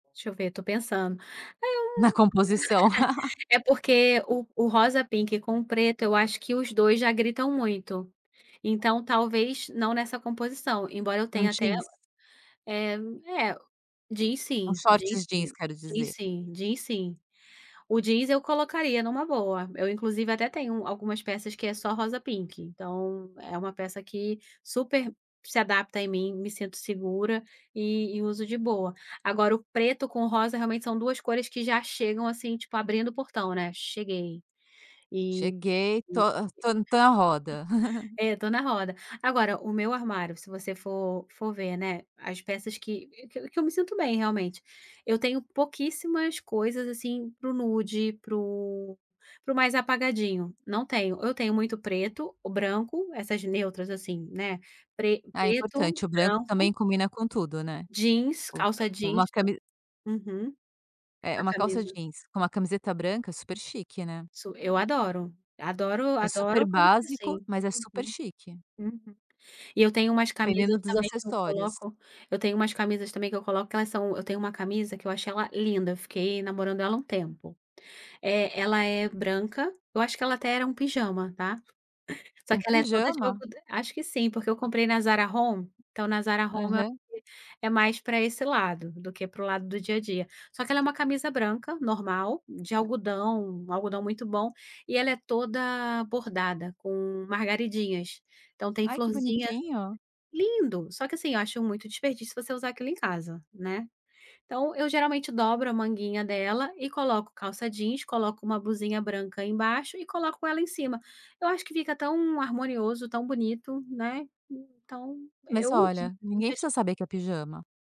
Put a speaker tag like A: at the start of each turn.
A: Deixa eu ver, estou pensando. Ah!
B: Na composição.
A: É porque o o rosa-pink com o preto, eu acho que os 2 já gritam muito. Então, talvez, não nessa composição, embora eu
B: Um
A: tenha até,
B: jeans?
A: eh, é o jeans
B: Um
A: sim, jeans
B: shorts jeans,
A: sim,
B: quero
A: jeans
B: dizer.
A: sim, jeans sim. O jeans, eu colocaria numa boa, eu inclusive até tenho um algumas peças que é só rosa-pink, então é uma peça que super se adapta em mim, me sinto segura, e e uso de boa. Agora o preto com rosa, realmente são 2 cores que já chegam assim, tipo, abrindo o portão, né, "cheguei". E
B: "Cheguei, estou,
A: e
B: ah estou estou na roda".
A: é, estou na roda. Agora, o meu armário, se você for for ver, né, as peças que que que eu me sinto bem, realmente, eu tenho pouquíssimas coisas, assim, para o nude, para o para o mais apagadinho, não tenho. Eu tenho muito preto, branco, essas neutras assim, né, pre
B: Ah, é
A: preto,
B: importante, o branco
A: branco
B: também combina com tudo, né.
A: jeans,
B: [unintelligible]
A: calça jeans
B: uma
A: tam
B: cami
A: Uhum.
B: É,
A: A
B: uma calça
A: camisa
B: jeans com uma camiseta branca, super chique, né.
A: Su eu adoro. Adoro
B: É super
A: adoro me vestir
B: básico,
A: assim.
B: mas é super
A: Uhum.
B: chique.
A: Uhum. E eu tenho umas camisas
B: Dependendo dos
A: também que eu
B: acessórios.
A: coloco eu tenho umas camisas também que eu coloco que elas são eu tenho uma camisa que eu achei ela linda, fiquei namorando ela um tempo. Eh, ela é branca, eu acho que ela até era um pijama, tá. Só
B: Um
A: que ela é toda de
B: pijama?
A: algodã acho que sim, porque eu comprei na Zara Home, então na Zara Home eu acho
B: Aham.
A: que é mais pra esse lado, do que para o lado do dia a dia. Só que ela é uma camisa branca, normal, de algodão, algodão muito bom, e ela é toda bordada, com margaridinhas. Então tem
B: Ai, que
A: florzinha
B: bonitinho.
A: lindo, só que assim, eu acho muito desperdício você usar aquilo em casa, né. Então, eu geralmente dobro a manguinha dela, e coloco calça jeans, coloco uma blusinha branca embaixo, e coloco ela em cima. Eu acho que fica tão harmonioso, tão bonito, né. Então,
B: Mas
A: eu uso.
B: olha,
A: Em
B: ninguém
A: vez de
B: precisa saber que é pijama.